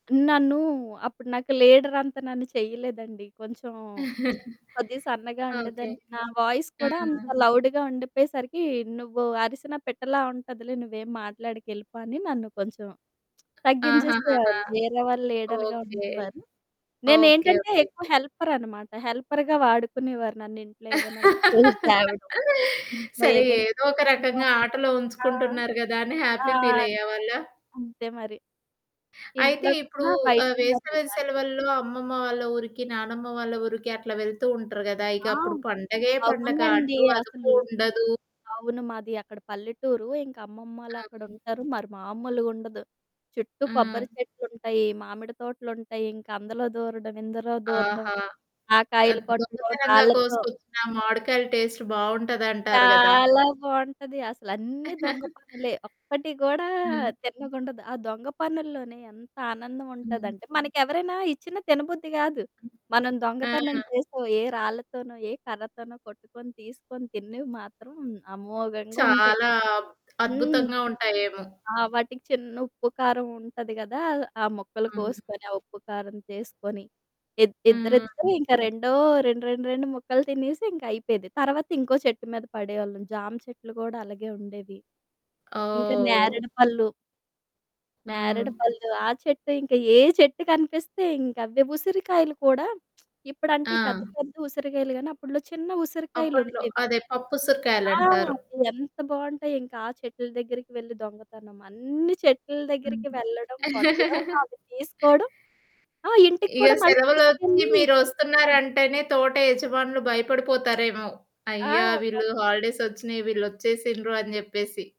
నన్నూ అప్పుడు నాకు లీడరంత నన్ను చేయలేదండి కొంచెం కొద్దిగా సన్నగా ఓకె, ఉండేదాన్ని. నా వాయిస్ ఆ! కూడా అంత లౌడ్‌గా ఉండకపోయేసరికి, "నువ్వు అరిసినా పిట్టలా ఉంటదిలే నువ్వేం మాట్లాడకెళ్ళిపో" అని నన్ను కొంచెం ఆహాహాహా! తగ్గించేసేవారు, వేరే వాళ్ళు లీడర్‌గా ఓకె. ఉండేవారు. ఓకె, నేనేంటంటే ఓకె. ఎక్కువ హెల్పరనమాట. హెల్పర్‌గా వాడుకునేవారు నన్నింట్లో ఏవైనా పూలు తేవడం ఇంట్లో సరే ఏవైనా ఏదో ఒక హ్మ్, రకంగా ఆటలో ఆ! ఉంచుకుంటున్నారు గదా అని ఆ! హ్యాపీ ఫీలయ్యేవాళ్ళ? అంతే మరి. అయితే ఇంట్లో ఇప్పుడూ కన్నా ఆహ్, బయటే మరి వేసవి హ్యాపీ. సెలవుల్లో అమ్మమ్మ వాళ్ళ ఊరికి, నానమ్మ వాళ్ళ ఊరికి అట్లా వెళ్తూ ఉంటరు కదా! ఇక ఆ! అప్పుడు పండగే పండగ. అవునండి అడ్డూ, అదుపూ అసలు. ఉండదు. అవును, మాది అక్కడ పల్లెటూరు ఇంకా అమ్మమ్మాలు హ్మ్. అక్కడుంటారు. మరి మామూలుగుండదు. చుట్టూ కొబ్బరి ఆ! చెట్లుంటయి, మామిడి తోటలుంటయి ఇంక అందులో దూరడం, ఇందులో దూరడం ఆహా! ఆ కాయలు అత్ కొట్టడం దొంగతనంగా రాళ్లతో కోసుకొచ్చిన, మావిడికాయలు టేస్ట్ బావుంటాది అంటారు గదా! చాలా బావుంటది అసలన్నీ దొంగ పనులే, ఒక్కటి కూడా ఆ! తిన్నగుండదు. ఆ దొంగ పనుల్లోనే ఎంత ఆనందం హ్మ్. ఉంటాదంటే మనకి ఎవరైనా ఇచ్చిన తినబుద్ధి కాదు. మనం ఆ! దొంగతనం చేసో, ఏ రాళ్ళతోనో, ఏ కర్రతోనో కొట్టుకొని, తీసుకొని తిన్నివి మాత్రం అమోఘంగుంటయి. చాలా అబ్ హ్మ్. అద్భుతంగా ఉంటాయేమో. ఆ! వాటికి చిన్న ఉప్పు కారం ఉంటది గదా, ఆ ముక్కలు అవును. కోసుకొని, ఆ ఉప్పు, కారం తీసుకొని ఇద్ హ్మ్. ఇద్దరిద్దరే, ఇంక రెండో 2, 2, 2 ముక్కలు తినేసి ఇంక అయిపోయేది. తర్వాత ఇంకో చెట్టు మీద పడేవాళ్ళం. జామ చెట్లు కూడా అలాగే ఉండేవి. ఇంక ఓహ్! నేరెడి పళ్ళు. హ్మ్. నేరేడు పళ్ళు, ఆ చెట్టు ఇంక ఏ చెట్టు కనిపిస్తే ఇంకవ్వే. ఉసిరికాయలు కూడా, ఇప్పుడంటే ఆ! ఈ పెద్ద పెద్ద ఉసిరికాయలు గానీ, అప్పట్లో చిన్న అప్పట్లో, ఉసిరికాయలుండేవి. అదే పప్పు ఆ! ఉసిరికాయలంటారు. అవి ఎంత బావుంటాయింక ఆ చెట్లు దగ్గరికి వెళ్లి దొంగతనం. అన్ని చెట్ల దగ్గరికి హుహుహు. వెళ్లడం, కొట్టడం అవి తీసుకోవడం. ఆ! ఇంటికి ఇగ కూడా మళ్ళీ సెలవులొచ్చి తీసుకెళ్ళి మీరు చూపించేవాళ్ళం. వస్తున్నారంటేనే తోట యజమానులు భయపడిపోతారేమో, ఆ! అయ్యా! కొ వీళ్ళు హాలిడేస్ వచ్చినయి వీళ్ళొచ్చేసిండ్రు అని చెప్పేసి.